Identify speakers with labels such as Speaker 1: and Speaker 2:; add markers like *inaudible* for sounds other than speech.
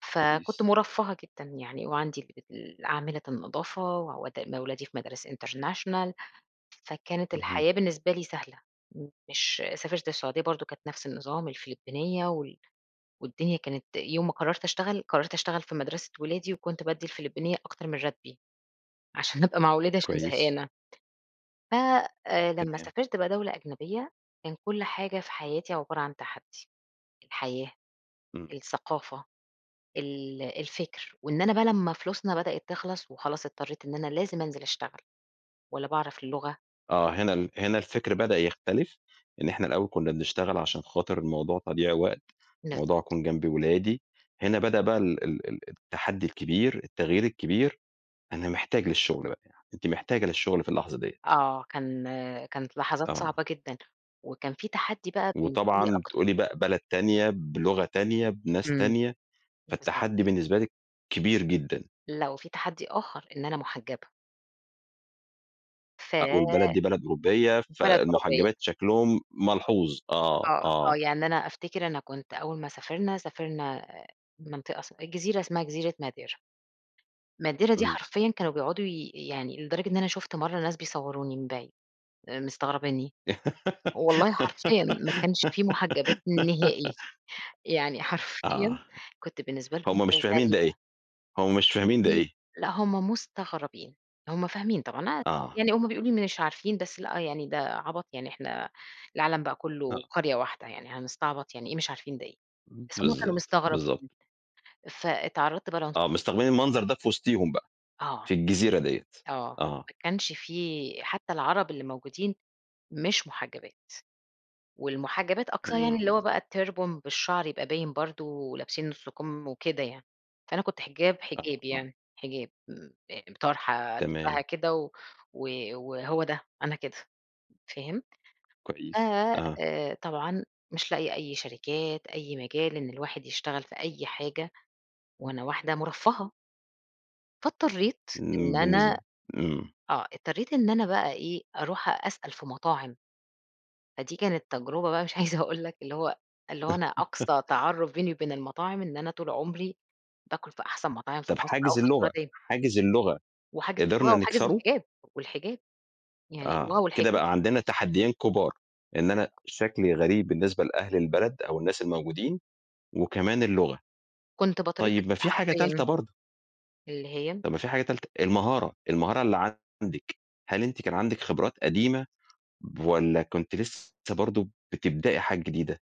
Speaker 1: فكنت
Speaker 2: كويس.
Speaker 1: مُرفَّهة جدًا يعني وعندي اللي بت عاملة النضافة وأودّي م أولادي في مدارس international، فكانت
Speaker 2: اهم.
Speaker 1: الحياة بالنسبة لي سهلة، مش سافرت السعودية برضه كانت نَفْس النظام، الفلبينيّة وال والدنيا كانت يوم ما قرّرت أشتغل، قرّرت أشتغل في مَدرسة ولادي وكنت بادّي الفلبينيّة أكتر من راتبي، عشان أبقى مع أولادي عشان
Speaker 2: كويس.
Speaker 1: زهقانة. ف آآ لمّا
Speaker 2: تمام.
Speaker 1: سافرت بقى دولة أجنبية كان كل حاجة في حياتي عبارة عن تحدّي، الحياة،
Speaker 2: إمم.
Speaker 1: الثقافة، ال الفِكر وإن أنا بقى لمّا فلوسنا بدأت تخلَص وخلاص اضطرّيت إن أنا لازم أنزِل أشتغل ولا باعرف اللغة
Speaker 2: آه، هنا ال هنا الفِكر بدأ يختلف، إن إحنا الأول كُنّا بنشتغل عشان خاطر الموضوع تضييع وقت، الموضوع
Speaker 1: بالضبط.
Speaker 2: أكون جنب أولادي،
Speaker 1: *unintelligible*
Speaker 2: هنا بدأ بقى ال ال ال التحدّي الكبير، التغيير الكبير، أنا محتاج للشُغل بقى، أنتِ
Speaker 1: *unintelligible*
Speaker 2: محتاجة للشُغل في اللحظة ديّة.
Speaker 1: آه. كان كانت لحظات
Speaker 2: آه.
Speaker 1: صعبة جدًا، وكان في تحدّي بقى بالنسبة لي
Speaker 2: وطبعًا
Speaker 1: أكتر
Speaker 2: بتقولي بقى بلد تانية، بلغة تانية، بناس
Speaker 1: إمم.
Speaker 2: تانية، فالتحدّي
Speaker 1: بالضبط.
Speaker 2: بالنسبة لِك كبير جدًا.
Speaker 1: لأ وفي تحدّي آخَر، إن أنا مُحجّبة.
Speaker 2: آه،
Speaker 1: في
Speaker 2: والبلد دي بلد أوروبية،
Speaker 1: بلد أوروبية.
Speaker 2: فالمُحجّبات شكلهم ملحوظ. آه،
Speaker 1: آه، آه.
Speaker 2: آه.
Speaker 1: يعني أنا أفتكر أنا كنت أول ما سافرنا، سافرنا منطقة اس جزيرة اسمها جزيرة madeira. madeira دي
Speaker 2: إمم.
Speaker 1: حرفيًا كانوا بيقعدوا ي يعني لدرجة إن أنا شُفت مرّة ناس بيصوّروني من بعيد، آآ، مستغربينّي. والله حرفيًا ما كانش فيه مُحجّبات نهائي،
Speaker 2: *giggles*
Speaker 1: يعني
Speaker 2: آه،
Speaker 1: حرفيًا كنت بالنسبة لهم
Speaker 2: هم مش فاهمين ده إيه،
Speaker 1: غريبة.
Speaker 2: هم مش فاهمين ده
Speaker 1: إمم.
Speaker 2: إيه.
Speaker 1: لأ هم مستغربين، هم فاهمين طبعًا، *unintelligible*
Speaker 2: آه.
Speaker 1: يعني هم بيقولوا مش عارفين، بس لأ يعني ده عَبَط، يعني إحنا العالَم بقى كُلّه
Speaker 2: آه.
Speaker 1: قرية واحدة يعني، هنستعبط، يعني إيه مش عارفين ده إيه، بس هم كانوا
Speaker 2: بالضبط،
Speaker 1: مستغربين،
Speaker 2: بالضبط.
Speaker 1: فاتعرَّضت بقى لعنص
Speaker 2: آه. مستغربين المنظر ده في وِسطيهم بقى،
Speaker 1: آه.
Speaker 2: في الجزيرة ديّة.
Speaker 1: آه.
Speaker 2: آه.
Speaker 1: ما كانش في، حتّى العرب اللي موجودين مش مُحجّبات، والمُحجّبات أقصاه يعني اللي هو
Speaker 2: إمم.
Speaker 1: بقى الturban بالشَعر يبقى باين برضه ولابسين نُص كُم وكده يعني، فأنا كنت حِجاب،
Speaker 2: آه،
Speaker 1: حجاب،
Speaker 2: آه.
Speaker 1: يعني حِجاب، م آآ، طرحة ألِفَّها
Speaker 2: تمام.
Speaker 1: كده و و وهو ده، أنا كده، فهمت؟ ف
Speaker 2: كويس. آه.
Speaker 1: آآ، طبعًا مش لاقية أي شركات، أي مجال إن الواحد يشتغل في أي حاجة وأنا واحدة مُرفَّهة. فاضطرّيت إن
Speaker 2: م بالنسب
Speaker 1: أنا
Speaker 2: إمم.
Speaker 1: آه، اضطرّيت إن أنا بقى إيه، أروح أسأل في مطاعم. فدي كانت تجربة بقى مش عايزة أقول لك اللي هو اللي هو أنا
Speaker 2: *laughs*
Speaker 1: أقصى تعرُّف بيني وبين المطاعم إن أنا طول عُمري باكُل في أحسن مطاعم في
Speaker 2: طَب
Speaker 1: مصر أو
Speaker 2: حاجز
Speaker 1: في
Speaker 2: اللغة
Speaker 1: السعودية.
Speaker 2: حاجز اللغة،
Speaker 1: وحاجز اللغة
Speaker 2: قدرنا
Speaker 1: وحاجز
Speaker 2: نكسره؟
Speaker 1: الحِجاب، والحِجاب، يعني اللغة
Speaker 2: آه. كده
Speaker 1: والحِجاب.
Speaker 2: بقى عندنا تحدّيين كُبار، إن أنا
Speaker 1: بالضبط.
Speaker 2: شكلي غريب بالنسبة لأهل البلد أو الناس الموجودين وكمان اللغة،
Speaker 1: كنت باترفض
Speaker 2: طيب ما في حاجة تالتة
Speaker 1: حرفيًا.
Speaker 2: برضه.
Speaker 1: اللي هي؟
Speaker 2: طَب ما في حاجة تالتة، المهارة، المهارة اللي عندِك، هل أنتِ كان عندِك خبرات قديمة والّا كنتِ لسّه برضه بتبدأي حاجات جديدة؟